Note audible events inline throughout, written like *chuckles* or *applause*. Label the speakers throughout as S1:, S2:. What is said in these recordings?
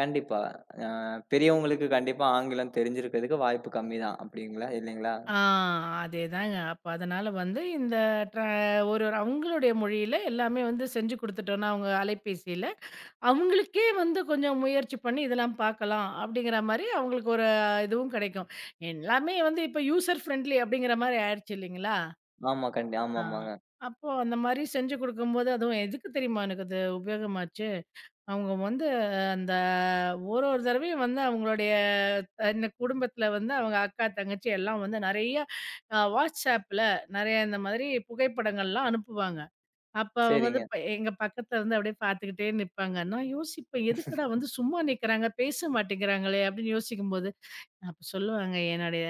S1: கண்டிப்பா. அ பெரியவங்களுக்கு கண்டிப்பா ஆங்கிலம் தெரிஞ்சிருக்கறதுக்கு வாய்ப்பு கம்மிதான். அப்பிடிங்களா? இல்லைங்களா?
S2: ஆ அதே தாங்க. அப்போ, அதனால வந்து இந்த ட்ரா ஒரொரு அவங்களுடைய மொழியில எல்லாமே வந்து செஞ்சு குடுத்துட்டோம்னா, அவங்க அலைபேசியில, அவங்களுக்கே வந்து கொஞ்சம் முயற்சி பண்ணி இதெல்லாம் பார்க்கலாம். அப்பிடிங்கற மாரி, ஒரு அவங்களுக்கு ஒரு அ இதுவும் கிடைக்கும். எல்லாமே வந்து இப்போ யூசர் ஃபிரென்லி அப்பிடிங்கற மாரி ஆயிடுச்சு, இல்லீங்களா?
S1: ஆமா. கண்டி
S2: ஆ.
S1: ஆமாமாங்க.
S2: அப்போ, அந்த மாரி செஞ்சு குடுக்கும்போது, அதுவும் எதுக்கு தெரியுமா, எனக்கு அது உபயோகமாச்சு? அவங்க வந்து அந்த ஒரொரு தடவையும் வந்து, அவங்களுடைய இந்த குடும்பத்துல வந்து அவங்க அக்கா, தங்கச்சி எல்லாம் வந்து நெறைய அ WhatsAppல நெறைய இந்த மாதிரி புகைப்படங்கள்லாம் அனுப்புவாங்க. அப்ப அவங்க வந்து
S1: சரிங்க.
S2: ப எங்க பக்கத்துல வந்து பாத்துக்கிட்டே நிப்பாங்க. நான் யோசிப்பேன். எதுக்குடா! வந்து
S1: *chuckles*
S2: சும்மா நிக்கறாங்க, பேச மாட்டேங்கறாங்களே! அப்படின்னு யோசிக்கும்போது, அப்ப சொல்லுவாங்க. "என்னோடய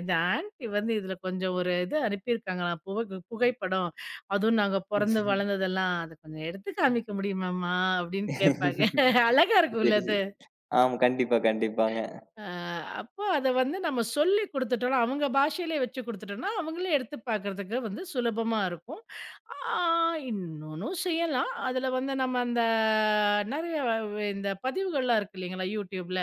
S2: இது ஆன்டி வந்து இதுல கொஞ்சம் ஒரு இது அனுப்பி இருக்காங்களாம். புகைகு புகைப்படம் அதுவும் நாங்க பொறந்து
S1: *chuckles*
S2: வளர்ந்ததெல்லாம். அத கொஞ்சம் எடுத்துக் காமிக்க முடியுமாம்மா?" அப்பிடின்னு கேப்பாங்க. *chuckles*
S1: *chuckles*
S2: அழகா இருக்கும்ல,
S1: சரி, சரி.
S2: அது.
S1: ஆமா. கண்டிப்பா, கண்டிப்பாங்க.
S2: அ அப்போ, அத வந்து நம்ம சொல்லி குடுத்துட்டோம்னா, அவங்க பாஷையில வெச்சு குடுத்துட்டோம்னா, அவங்களே எடுத்துப் பாக்குறதுக்கு வந்து சுலபமாருக்கும். ஆ இன்னொன்னு செய்யலாம். அதுல வந்து நம்ம அந்த நெறைய இந்த பதிவுகள்லாம் இருக்கு இல்லீங்களா? YouTubeல.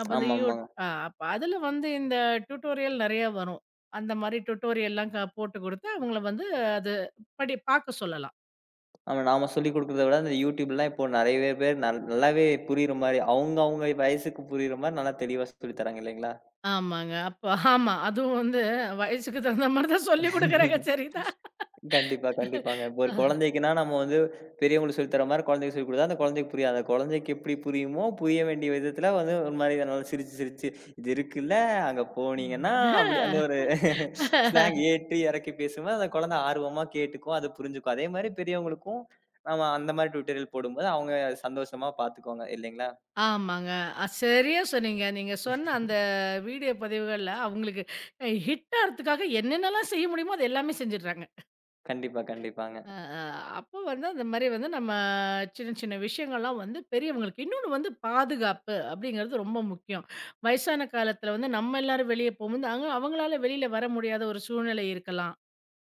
S2: அப்ப அந்த யூ
S1: ஆமாமாங்க.
S2: ஆ அப்ப அதுல வந்து இந்த டுடோரியல் நெறைய வரும். அந்த மாரி டுடோரியல்லாம் க போட்டுக் குடுத்து அவங்கள வந்து அது படிப் பாக்க சொல்லலாம்.
S1: ஆமா. நாம சொல்லிக் குடுக்கிறத விட அந்த YouTubeலாம் இப்போ, நெறையவே பேர் நல் நல்லாவே புரியற மாரி, அவங்கவங்க வயசுக்கு புரியற மாரி நல்லா தெளிவா சொ சொல்லித் தராங்க, இல்லீங்களா?
S2: ஆமாங்க. அப்ப ஆமா. அதுவும் வந்து வயசுக்கு தகுந்த மாரி தான் சொல்லி குடுக்கறாங்க.
S1: *chuckles*
S2: சரி தான்.
S1: கண்டிப்பா, கண்டிப்பாங்க. இப்போ, ஒரு குழந்தைக்குன்னா, நம்ம வந்து பெரியவங்களுக்கு சொல்லித் தர்ற மாரி குழந்தைக்குச் சொல்லித் குடுத்தா, அந்தக் குழந்தைக்குப் புரியாது. அந்தக் குழந்தைக்கு எப்பிடி புரியுமோ, புரிய வேண்டிய விதத்துல வந்து ஒரு மாரி நல்லா சிரிச்சு, சிரிச்சு, "இது இருக்குல்ல, அங்க
S2: அ
S1: போனீங்கன்னா" அப்படி அந்த ஒரு *chuckles*
S2: ஹ்
S1: ஸ்லாங் ஏற்றி, இறக்கி பேசும்போது, அந்தக் குழந்தை ஆர்வமா கேட்டுக்கும், அதப் புரிஞ்சுக்கும். அதே மாரி பெரியவங்களுக்கும், நாம அந்த மாரி டுடோரியல் போடும்போது, அவங்க சந்தோஷமா பார்த்துக்குவாங்க. இல்லைங்களா?
S2: ஆமாங்க. அ சரியா சொன்னீங்க. நீங்கச் சொன்ன அந்த வீடியோ பதிவுகள்ல அவங்களுக்கு ஹிட் ஆகுறதுக்காக என்னென்னெல்லாம் செய்ய முடியுமோ, அது எல்லாமே செஞ்சுடுறாங்க.
S1: கண்டிப்பா, கண்டிப்பாங்க.
S2: அ அ அப்ப வந்து இந்த மாரி வந்து நம்ம சின்ன, சின்ன விஷயங்கள்லாம் வந்து பெரியவங்களுக்கு இன்னொன்னு வந்து பாதுகாப்பு அப்பிடிங்கறது ரொம்ப முக்கியம். வயசான காலத்துல வந்து நம்ம எல்லாரும் வெளிய போகும் போது, அவங்களால வெளில வர முடியாத ஒரு சூழ்நிலை இருக்கலாம்.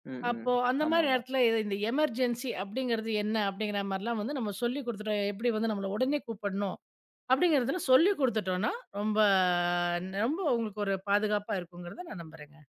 S1: ம், ம்.
S2: அப்போ அந்த மாரி
S1: ஆமாமா.
S2: நேரத்துல இந்த எமெர்ஜென்ஸி அப்பிடிங்கறது என்ன? அப்பிடிங்கற மாரிலாம் வந்து நம்ம சொல்லி குடுத்துட்டோம், எப்படி வந்து நம்மள உடனே கூப்பிடணும், அப்படிங்கறத சொல்லிக் குடுத்துட்டோம்ன்னா, ரொம்ப ரொம்ப உங்களுக்குப் பாதுகாப்பா இருக்கும்ங்கறத நான் நம்புறேங்க.